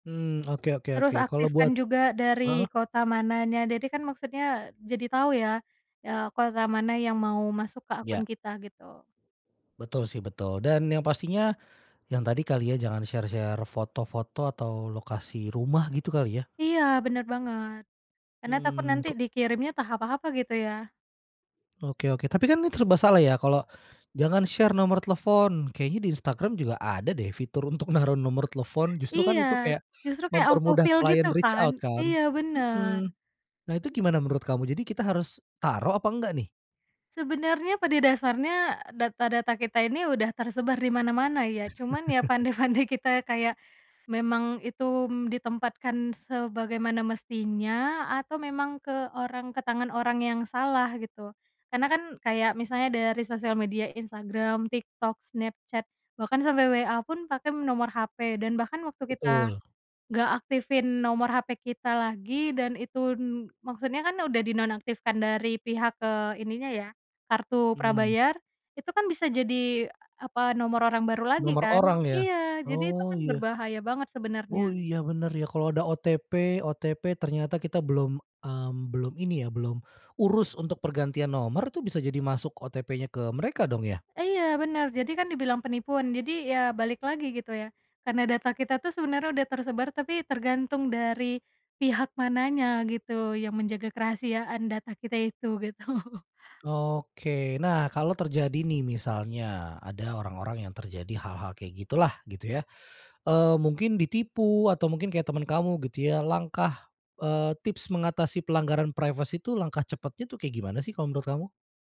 Mmm, oke oke Terus oke. Kalau aktifkan buat juga dari heeh? kota mananya, jadi kan maksudnya jadi tahu ya, eee, kota mana yang mau masuk ke akun Ya. kita, gitu. Betul sih, betul. Dan yang pastinya yang tadi kali ya, jangan share-share foto-foto atau lokasi rumah gitu kali ya? Iya, bener banget. Karena takut Mmm, nanti kok. dikirimnya entah apa-apa gitu ya. Oke oke, tapi kan, ini serba salah ya. Kalau jangan share nomor telepon, kayaknya di Instagram juga ada deh fitur untuk naruh nomor telepon. Justru kan Iya, itu kayak justru kayak auto mempermudah fill gitu klien reach kan? out, kan? Iya, bener. Mhm. Nah, itu gimana menurut kamu, jadi kita harus taruh apa enggak nih? Sebenarnya, pada dasarnya e data-data kita ini udah tersebar di mana-mana, ya. Cuman ya, pandai-pandai kita kayak memang itu, mmm, ditempatkan sebagaimana mestinya atau memang ke orang ke tangan orang yang salah, gitu. Karena kan, kayak misalnya dari sosial media Instagram, TikTok, Snapchat, bahkan sampai WA pun pakai nomor HP. Dan bahkan waktu kita Betul. nggak aktifin nomor HP kita lagi, dan itu n maksudnya kan udah dinonaktifkan dari pihak, eee, ininya ya kartu Mmm. prabayar, itu kan bisa jadi e apa nomor orang baru lagi, Nomor kan? orang ya. Iya, jadi itu Oh, kan iya. berbahaya banget Oh sebenarnya. iya, bener ya. Kalo ada OTP OTP, ternyata kita belum, mmm, belum ini ya belum urus untuk pergantian nomor, itu bisa jadi masuk OTP-nya ke mereka, dong, ya? E iya, benar. Jadi kan dibilang penipuan. Jadi ya balik lagi, gitu, ya. Karena data kita tuh sebenarnya udah tersebar, tapi tergantung dari pihak mananya, gitu, yang menjaga kerahasiaan data kita itu, gitu. Oke, nah kalau terjadi nih misalnya ada orang-orang yang terjadi hal-hal kayak gitulah gitu ya, eee, mungkin ditipu atau mungkin kayak teman kamu gitu ya, langkah, eee, tips mengatasi pelanggaran privacy itu, langkah cepatnya tuh kayak gimana sih kalau menurut kamu?